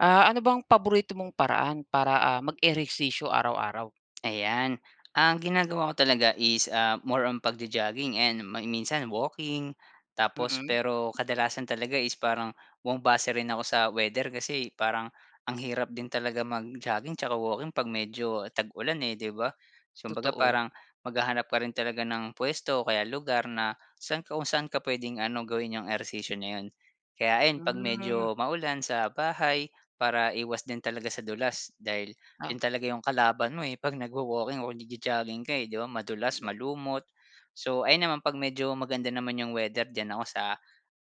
Ah, ano bang paborito mong paraan para, ah, mag-ehersisyo araw-araw? Ayan. Ang ginagawa ko talaga is, ah, more on pagjo-jogging and ma minsan walking, tapos Mm. pero kadalasan talaga is parang bumabase rin ako sa weather. Kasi parang ang hirap din talaga mag-jogging tsaka walking 'pag medyo tag-ulan, eh, 'di ba? So, kumbaga Totoo. parang maghahanap ka rin talaga ng puwesto o kaya lugar na saan ka kung saan ka puwedeng ano, gawin yung ehersisyo na 'yon. Kaya ayon 'pag Hmm. medyo maulan, sa bahay para iwas din talaga sa dulas dahil Ah. 'yon talaga yung kalaban mo, eh, 'pag nagwa-walking o nagjo-jogging ka eh, 'di ba madulas, [unintelligible] malumot. So, ayon naman 'pag medyo maganda naman yung weather, diyan ako sa,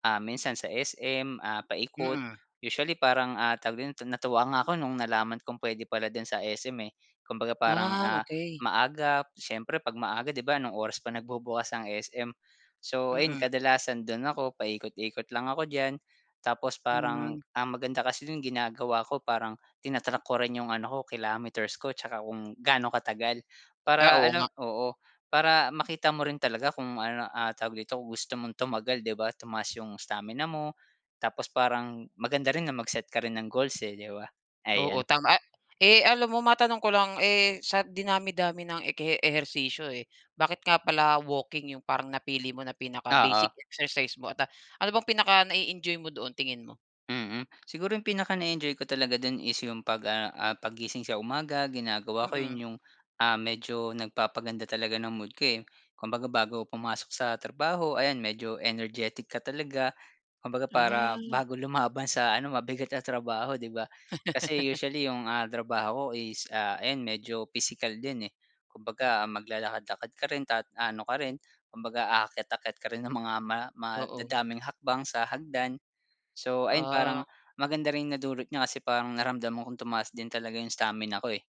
ah minsan sa SM, ah, paikot. Mm. Usually parang, ah tawag din ton natuwa nga ako no'ng nalaman kong puwede pala dun sa SM, eh. Kumbaga parang Ah, ah okey. maaga, siyempre 'pag maaga, 'di ba, anong oras pa nagbubukas ang SM. So, ayun Mm. kadalasan do'n ako paikot-ikot lang ako diyan. Tapos parang Hmm. ang maganda kasi dun ginagawa ko parang tina-track ko rin yung ano ko kilometers ko tsaka kung gaano katagal Ah, para oo ano nga. oo, para makita mo rin talaga kung ano ah tawag dito, kung gusto mong tumagal, 'di ba? Tumaas 'yong stamina mo, tapos parang maganda rin na mag-set ka rin ng goals, eh, 'di ba? Ayan. Oo, tama, ah, eh, alam mo matanong ko lang, eh, sa dinami-dami ng ekehe ehersisyo, eh. Bakit nga pala walking yung parang napili mo na pinaka-basic Oo. exercise mo at, ah, ano bang pinaka na-e-enjoy mo doon, tingin mo? Mm, siguro yung pinaka-na-e-enjoy ko talaga do'n is yung 'pag, ah ah, paggising sa umaga, ginagawa ko 'yon, Mm. yung, ah, medyo nagpapaganda talaga ng mood ko, eh. Kumbaga bago ako pumasok sa trabaho ayan, medyo energetic ka talaga. Kumbaga para Ah. bago lumaban sa ano mabigat na trabaho, 'di ba? Kasi usually yung, ah, trabaho ko is, ah, ayan medyo physical din, eh. Kumbaga maglalakad-lakad ka rin ta ano ka rin, kumbaga aakyat-akyat ka rin ng mga ma Oo. madadaming hakbang sa hagdan. So, ayun Ah. parang maganda ring nadulot niya kasi parang naramdaman kong tumaas din talaga yung stamina ko eh,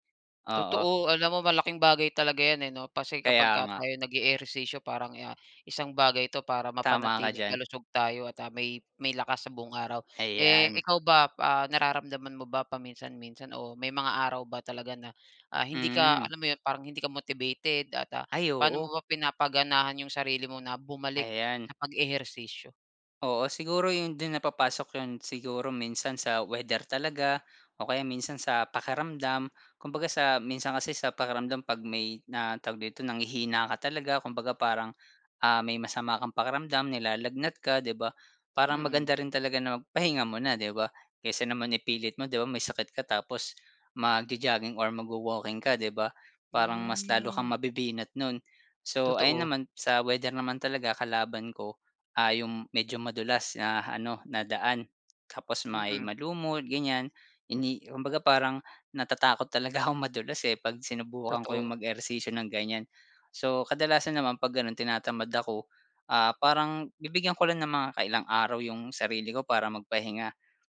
oo. Totoo, alam mo malaking bagay talaga 'yan, eh, 'no? Kasi Kaya kapag ka nga. tayo nag-eehersisyo parang, ah, isang bagay 'to para Tama ka mapanatiling diyan. malusog tayo at, ah, may may lakas sa buong araw. Eh, Ayan. ikaw ba, ah, nararamdaman mo ba paminsan-minsan o may mga araw ba talaga na, ah, hindi ka Hmm. alam mo 'yon, parang hindi ka motivated at, ah, Ay paano oo. mo ba pinapaganahan yung sarili mo na bumalik Ayan. sa pag-ehersisyo? Oo, siguro 'yon do'n na papasok 'yon siguro minsan sa weather talaga o kaya minsan sa pakiramdam. Kumbaga sa minsan kasi sa pakiramdam 'pag may na tawag dito, nanghihina ka talaga. Kumbaga parang, ah, may masama kang pakiramdam, nilalagnat ka, 'di ba? Parang Mm. maganda rin talaga na magpahinga muna, 'di ba? Kaysa naman ipilit mo, 'di ba? May sakit ka tapos magjo-jogging or magwa-walking ka, 'di ba? Parang mas lalo kang Hmm. mabibinat no'n. So, ayun Totoo. naman sa weather naman talaga kalaban ko, ah, yung medyo madulas na ano na daan tapos may Mm. malumot, ganyan. Hindi kumbaga parang natatakot talaga akong madulas, eh, 'pag sinubukan ko yung Totoo. mag-ehersisyo ng ganyan. So, kadalasan naman 'pag gano'n, tinatamad ako, ah, parang bibigyan ko lang ng mga kailang araw yung sarili ko para magpahinga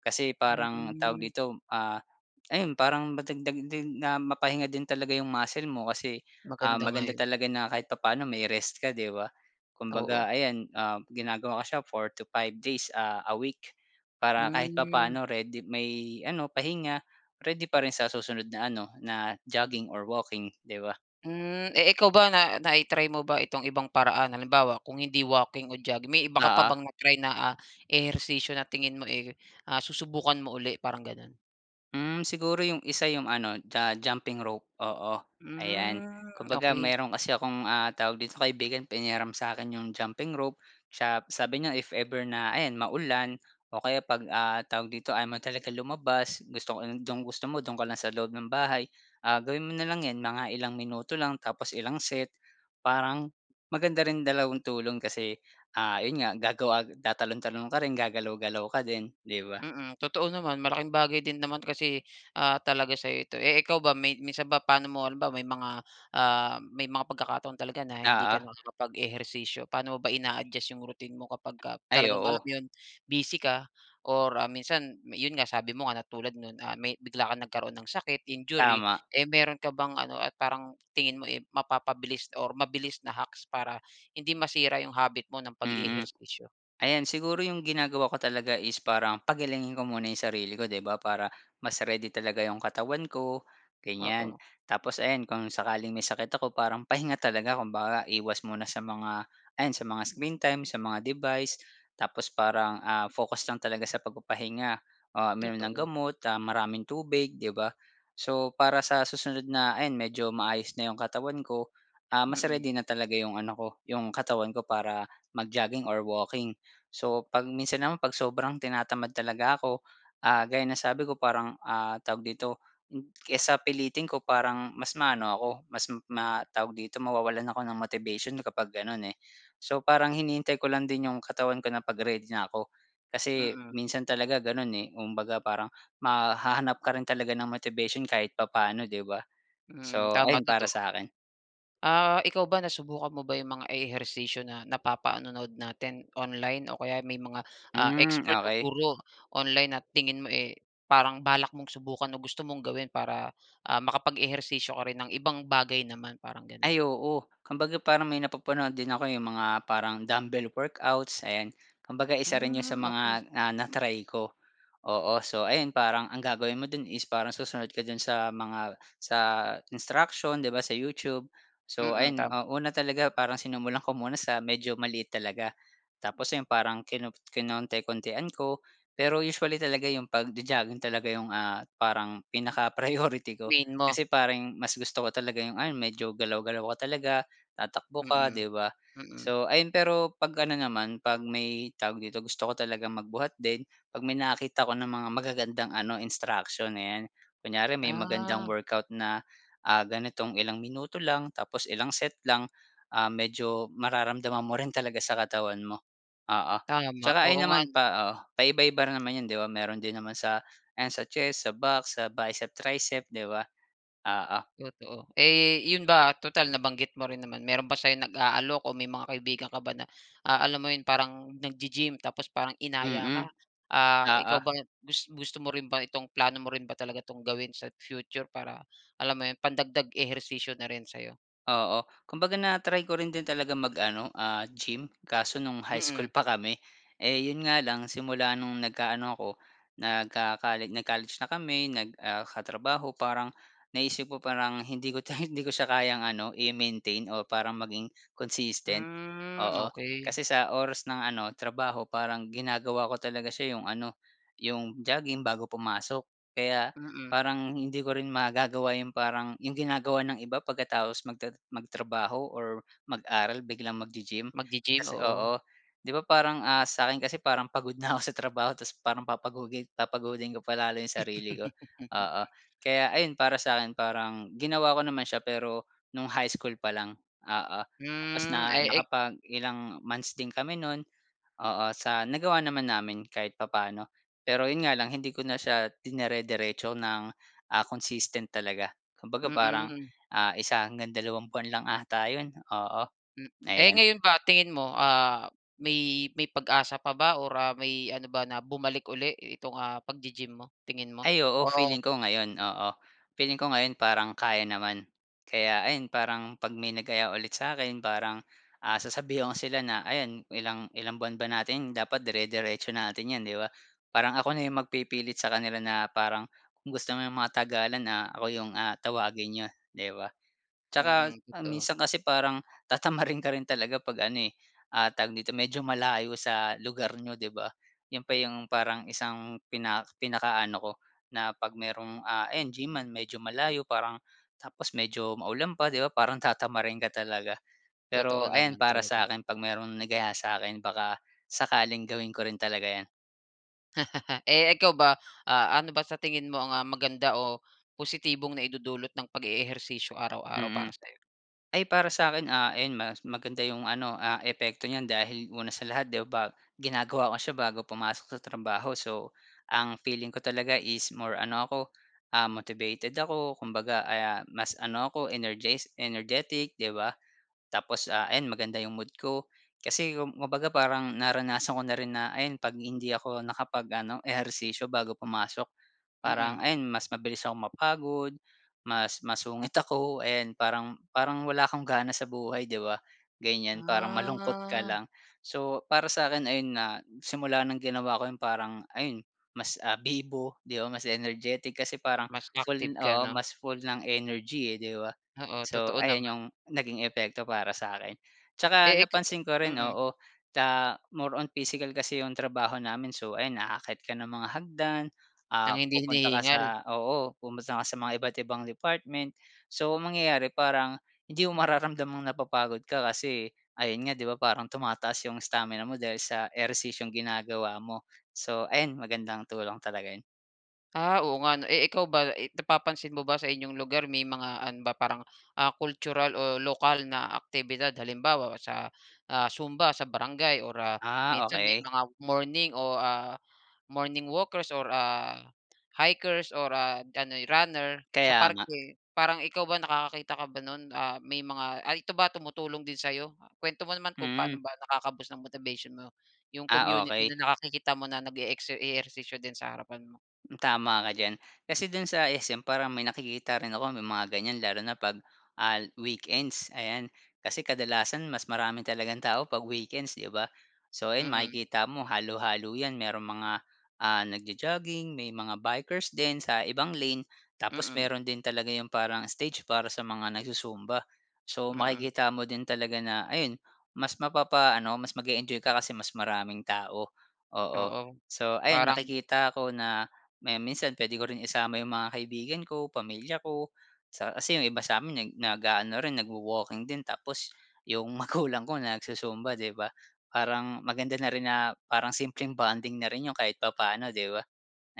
kasi parang tawag Hmm. dito, ah, ayun, parang madagdag din na mapahinga din talaga yung muscle mo kasi, ah, Maganda nga maganda 'yon. talaga na kahit papaano may rest ka, 'di ba? Oo. Kumbaga, ayan, ah, ginagawa ko siya 4 to 5 days a a week para kahit Hmm. papaano, ready may ano pahinga, ready pa rin sa susunod na ano na jogging or walking, 'di ba? Hmm, eh, ikaw ba na nai-try mo ba itong ibang paraan? Halimbawa, kung hindi walking o jogging, may iba ka pa Oo. bang na-try na, ah, ehersisyo na tingin mo, eh, ah, susubukan mo uli parang ganun? Hmm, siguro yung isa yung ano, ju jumping rope oo, ayan. Hmm, Kumbaga okey. mayro'n kasi akong, ah tawag dito, kaibigan pinahiram sa'kin yung jumping rope. Tsa p sabi niya if ever na ayan maulan o kaya 'pag, ah, tawag dito ayaw mo talaga lumabas. Gusto ko 'yong dong gusto mo do'n ka lang sa loob ng bahay. Ah, gawin mo na lang 'yan mga ilang minuto lang tapos ilang set. Parang maganda rin dalawang tulong kasi, ah, 'yon nga gagawa tatalon-talon ka rin, gagalaw-galaw ka din, 'di ba? Mm, totoo naman. Malaking bagay din naman kasi, ah, talaga sa'yo ito. Eh, ikaw ba, may minsan ba paano mo halimbawa, may mga ah may mga pagkakataon talaga na hindi Oo. ka nakakapag-ehersisyo, paano mo ba ina-adjust yung routine mo kapagka Ay, talagang alam oo. 'yon busy ka or minsan 'yon nga sabi mo nga na tulad no'n, ah, may bigla kang nagkaroon ng sakit, injury? Tama. Eh meron ka bang ano, ah, parang tingin mo, eh, mapapabilis or mabilis na hacks para hindi masira yung habit mo ng Mm, pag-e-ehersisyo? ayan siguro yung ginagawa ko talaga is parang pagalingin ko muna yung sarili ko, 'di ba? Para mas ready talaga yung katawan ko ganyan. Oo. Tapos ayan, kung sakaling may sakit ako parang pahinga talaga kumbaga, iwas muna sa mga ayan sa mga screen time, sa mga device. Tapos parang, ah, focus lang talaga sa pagpapahinga, ah, uminom ng Totoo. gamot, ah, maraming tubig, 'di ba? So, para sa susunod na ayan medyo maayos na yung katawan ko, ah, mas Mm. ready na talaga yung ano ko, yung katawan ko para mag-jogging or walking. So, 'pag minsan naman 'pag sobrang tinatamad talaga ako, ah, gaya ng sabi ko parang, ah tawag dito kaysa pilitin ko parang mas maano ako mas ma tawag dito, mawawalan ako ng motivation kapag gano'n, eh. So parang hinihintay ko lang din yung katawan ko na 'pag ready na ako. Kasi Mm. minsan talaga gano'n, eh, kumbaga parang ma hahanap ka rin talaga ng motivation kahit papaano, 'di ba? Hmm, So ayun tama para totoo. sa'kin. Ah, ikaw ba nasubukan mo ba yung mga ehersisyo na napapanonood natin online o kaya may mga, ah, Hmm, expert o okey. guro online na tingin mo, eh, parang balak mong subukan o gusto mong gawin para, ah, makapag-ehersisyo ka rin ng ibang bagay naman? Parang gano'n. Ay, oo kumbaga parang may napapanood din ako eh, yung mga parang dumbbell workouts, ayan. Kumbaga isa rin 'yon sa Hmm, okey. mga, ah, na-try ko, oo. So ayun parang ang gagawin mo do'n is parang susunod ka do'n sa mga sa instruction, 'di ba, sa YouTube. So, Mm, ayan, tama. ah, una talaga parang sinumulan ko muna sa medyo maliit talaga. Tapos 'yon parang kinop kinonti-kontian ko. Pero usually talaga yung pagjo-jogging talaga yung, ah, parang pinaka-priority ko Main mo. kasi parang mas gusto ko talaga yung ano medyo galaw-galaw ka talaga, tatakbo ka, Mm, 'di ba? mm. So ayun, pero 'pag ano naman 'pag may tawag dito, gusto ko talagang magbuhat din, 'pag may nakakita ko ng mga magagandang ano instruction, ayan. Kunyari may magandang Ah. workout na, ah, ganitong ilang minuto lang tapos ilang set lang, ah medyo mararamdaman mo rin talaga sa katawan mo, oo. Tama, Tsaka oo ayan nga naman 'no? pa oo paiba-iba rin naman 'yon, 'di ba? Meron din naman sa ano, sa chest, sa back, sa biceps, triceps, 'di ba? Oo. Totoo. Eh, 'yon ba, total nabanggit mo rin naman, meron ba sa'yong nag-aalok o may mga kaibigan ka ba na a alam mo 'yon parang naggi-gym tapos parang inaya Mm, ka? Ah, oo. ikaw ba gus gusto mo rin ba itong plano mo rin ba talaga itong gawin sa future para alam mo 'yon, pandagdag ehersisyo na rin sa 'yo? Oo kumbaga na-try ko rin din talagang mag-ano, ah, gym kaso no'ng high school Mm. pa kami. Eh, 'yon nga lang simula no'ng nagkaano ako, nagco-colle, nag-college na kami, nag ah, katrabaho, parang naisip ko parang hindi ko 'to hindi ko siya kayang ano i-maintain. Oh, parang maging consistent, Hmm, oo. okey. Kasi sa oras ng ano trabaho parang ginagawa ko talaga siya yung ano, yung jogging bago pumasok kaya Mm. parang hindi ko rin magagawa yung parang yung ginagawa ng iba pagkatapos magta magtrabaho or mag-aral biglang maggi-gym. Maggi-gym Kasi oo. oo, 'di ba, parang, ah, sa'kin kasi parang pagod na ako sa trabaho tapos parang papagugil papagodin ko pa lalo yung sarili ko. Oo, kaya ayun, para sa'kin parang ginawa ko naman siya pero no'ng high school pa lang, oo. Tapos Hmm, na ay ek nakapag ilang months din kami no'n, oo, sa nagawa naman namin kahit papaano. Pero 'yon nga lang hindi ko na siya dinerediretso ng, ah, consistent talaga. Kumbaga parang, Mm. ah, isa hanggang dalawang buwan lang ata 'yon, oo Hmm, eh, ayon. ngayon ba tingin mo, ah, may-may pag-asa pa ba or, ah, may ano ba na bumalik uli itong ah paggi-gym mo, tingin mo? Ay, oo O feeling ko ngayon oo. Feeling ko ngayon, parang kaya naman, kaya ayun parang 'pag may nag-aya ulit sa'kin parang, ah, sasabihan ko sila na ayan, "Ilang ilang buwan ba natin dapat dire-diretso natin 'yan." 'Di ba? Parang ako na yung magpipilit sa kanila na parang, "Kung gusto mo matagalan na, ako yung ah tawagin n'yo." 'Di ba? Tsaka Mm, totoo. minsan kasi parang tatamarin ka rin talaga 'pag ano, eh, ah tawag dito medyo malayo sa lugar n'yo, 'di ba? 'Yon pa yung parang isang pinak pinakaano ko na 'pag mayrong, ah, ayan, gyman, medyo malayo parang tapos medyo maulan pa, 'di ba? Parang tatamarin ka talaga. Totoo, Pero, ayan naman para talaga. sa'kin 'pag merong nag-aya sa'kin, baka sakaling gawin ko rin talaga 'yan. Eh, ikaw ba, ah, ano ba sa tingin mo ang maganda o positibong naidudulot ng pag-eehersisyo araw-araw para Mm, sa'yo? ay para sa akin, ah, iyon mas maganda yung ano, ah, epekto niyan dahil una sa lahat, di ba, ginagawa ko siya bago pumasok sa trabaho. So ang feeling ko talaga is more ano ako, ah, motivated ako. Kumbaga, ah, mas ano ako energes energetic, di ba? Tapos ah, ayon maganda yung mood ko. Kasi kumbaga parang naranasan ko na rin na ayan 'pag hindi ako nakapag-ano ehersisyo bago pumasok parang Mm. ayon mas mabilis akong mapagod, mas mas masungit ako and parang parang wala kong gana sa buhay, di ba? Ganyan, parang malungkot ka Ah. lang. So, para sa akin ayun nga simula ng ginawa ko 'yon parang ayun mas, ah, bibo, di ba? Mas energetic kasi parang Mas active full ka, oo 'no? mas full ng energy eh, di ba? Oo, So totoo ayon naman. yung naging epekto para sa'kin. Tsaka Eh, ika napansin ko rin mm. oo ta more on physical kasi yung trabaho namin, so ayan aakyat ka ng mga hagdan, ah, Ng hindi pupunta ka sa hinihingal. oo pupunta ka sa mga iba't-ibang department. So ang mangyayari parang hindi mo mararamdamang napapagod ka kasi ayun nga di ba, parang tumataas yung stamina mo dahil sa ehersisyong ginagawa mo. So ayan magandang tulong talaga 'yon. Ah, oo nga 'no, eh, ikaw ba eh napapansin mo ba sa inyong lugar may mga ano ba parang, ah, cultural o lokal na aktibidad halimbawa sa, ah, zumba sa barangay or ah, Ah, minsan may okey. mga morning o, ah, morning walkers or ah hikers or ah ano ay runner sa Kaya nga. parke. Parang ikaw ba nakakakita ka ba no'n, ah, may mga ay ito ba tumutulong din sa'yo? Ah, kuwento mo naman kung Hmm. paano ba nakaka-boost ng motivation mo yung Ah, community okey. na nakikita mo na nage-exer ehersisyo din sa harapan mo. Hmm, tama ka diyan. Kasi do'n sa SM parang may nakikita rin ako may mga ganyan lalo na 'pag ah, weekends, ayan. Kasi kadalasan mas marami talagang tao 'pag weekends, 'di ba? So, ayun Mm. makikita mo halo-halo 'yan mayroong mga, ah, nagjo-jogging may mga bikers din sa ibang lane. Tapos Mm. meron din talaga yung parang stage para sa mga nagzu-zumba. So Mm. makikita mo din talaga na ayun mas mapapaano mas mag-eenjoy ka kasi mas maraming tao, oo. Oo. So ayun Parang. nakikita ko na may minsan puwede ko rin isama yung mga kaibigan ko, pamilya ko sa kasi yung iba sa'min neg naga-ano rin, nagwa-walking din tapos yung magulang ko nagzu-zumba, 'di ba, parang maganda na rin na parang simpleng bonding na rin yun kahit papaano, di ba?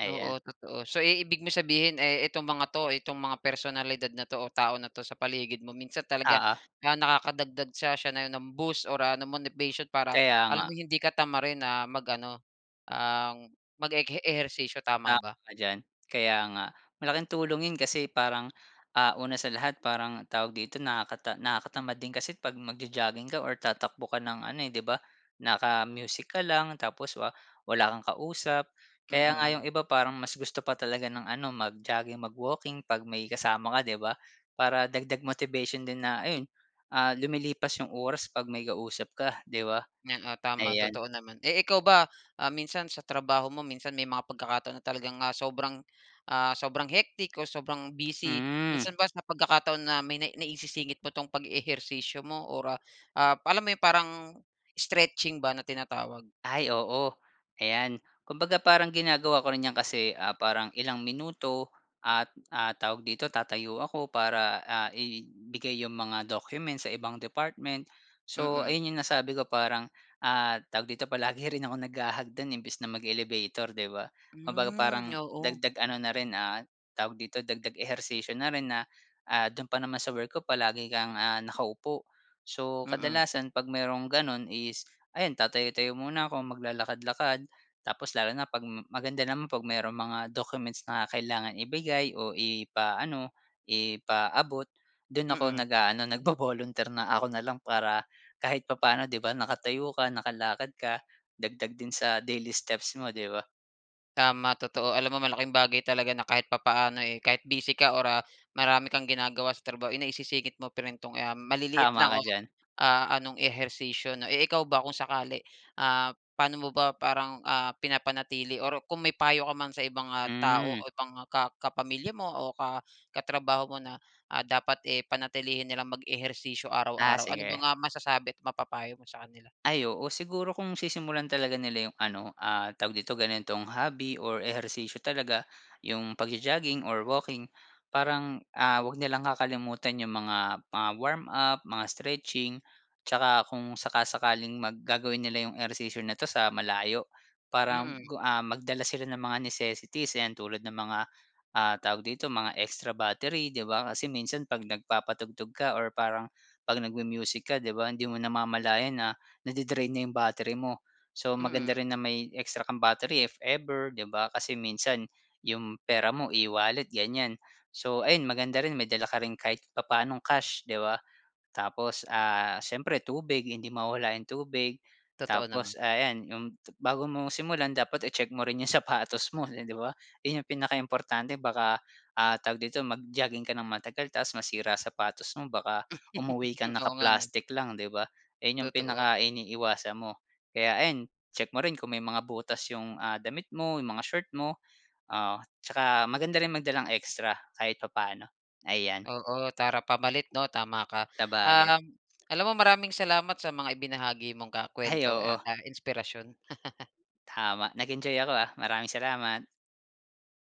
Ayan. Oo, totoo. So, i ibig mong sabihin, eh, itong mga 'to, itong mga personalidad na 'to o tao na 'to sa paligid mo minsan talaga Oo. kaya nakakadagdag siya siya nayon ng boost or, ah, ng motivation para Kaya nga. alam mong hindi ka tamarin na mag-ano ang mag-ek ehersisyo, tama Tama ba? ka diyan. Kaya nga. Malaking tulong yun kasi parang, ah, una sa lahat parang tawag dito nakakata nakakatamad din kasi pag magjo-jogging ka or tatakbo ka ng ano, eh, 'di ba? Naka-music ka lang tapos wa wala kang kausap. Kaya Mm. nga yung iba parang mas gusto pa talaga ng ano mag-jogging, mag-walking pag may kasama ka, 'di ba? Para dagdag motivation din na ayun, ah, umilipas yung oras pag may kausap ka, 'di ba. Oo, tama Ayan. totoo naman. Eh ikaw ba ah minsan sa trabaho mo minsan may mga pagkakataon na talagang ah, sobrang ah sobrang hectic o sobrang busy Hmm. minsan ba sa pagkakataon na may nai naisisingit mo tong pag-ehersisyo mo or ah ah alam mo yung parang stretching ba na tinatawag? Ay oo, ayan. Kumbaga parang ginagawa ko rin 'yan kasi, ah, parang ilang minuto at, ah tawag dito tatayo ako para, ah, ibigay yung mga documents sa ibang department. So, Mm. ayun yung nasabi ko parang, ah tawag dito palagi rin akong naghahagdan imbis na mag-elevator, 'di ba? Kumbaga Hmm, parang oo. dagdag ano na rin, ah, tawag dito dagdag ehersisyo na rin na, ah, do'n pa naman sa work ko palagi kang, ah, nakaupo. So Mm. kadalasan 'pag mayro'ng gano'n is ayan tatayo-tayo muna ako maglalakad-lakad tapos lalo na pag maganda naman pag mayroong mga documents na kailangan ibigay o ipaano, ipaabot, do'n ako Mm. nag-a-ano nagvo-volunteer na ako na lang para kahit papaano, 'di ba, nakatayo ka, nakalakad ka, dagdag din sa daily steps mo, di ba? Tama totoo, alam mo malaking bagay talaga na kahit papaano, eh, kahit busy ka or, ah, marami kang ginagawa sa trabaho, eh, naisisingit mo pa rin 'tong, um, maliliit Tama lang ka o, diyan. ah anong ehersisyo, no? Eh, ikaw ba kung sakali. Ah, paano mo ba parang, ah, pinapanatili or kung may payo ka man sa ibang, ah, tao o Hmm. ibang, ah, ka kapamilya mo o ka katrabaho mo na, ah, dapat, eh, panatilihin nilang mag-ehersisyo Ah, araw-araw? Ano ba sige. nga masasabi't mapapayo mo sa kanila? Ay oo, siguro kung sisimulan talaga nila yung ano ah tawag dito ganitong hobby or ehersisyo talaga yung pagjo-jogging or walking. Parang, ah, huwag nilang kakalimutan yung mga mga warm-up, mga stretching 'tsaka kung saka-sakaling mag gagawin nila yung ehersisyo na ito sa malayo. Parang Mm. ku ah, magdala sila ng mga necessities 'yan, tulad ng mga, ah, tawag dito mga extra battery 'di ba? Kasi minsan pag nagpapatugtog ka or parang 'pag nagmu-music ka, 'di ba, hindi mo namamalayan na nadi-drain na yung battery mo. So Mm. maganda rin na may extra kang battery if ever 'di ba kasi minsan yung pera mo e-wallet ganyan. So, ayun maganda rin may dala ka rin kahit papaanong cash, di ba? Tapos ah siyempre tubig hindi mawawala yung tubig Totoo naman. tapos, ah, yan yung bago mo simulan dapat i-check mo rin yung sapatos mo, eh, 'di ba? Yun ang pinakaimportante baka, ah, tawag dito mag-jogging ka ng matagal tapos masira sapatos mo baka umuwi kang Oo nga, 'no? naka-plastic lang, 'di ba? Ayun yung Totoo. pinakainiiwasan mo. Kaya ayan check mo rin kung may mga butas yung, ah, damit mo yung mga short mo, ah, 'tsaka maganda rin magdalang extra kahit papaano. Ayan. Oo, tara pamalit, 'no, tama ka. Sabagay. Um, alam mo maraming salamat sa mga ibinahagi mong ka Ay, kuwento at, oo. ah, inspirasyon. Tama, nag-enjoy ako ah, maraming salamat.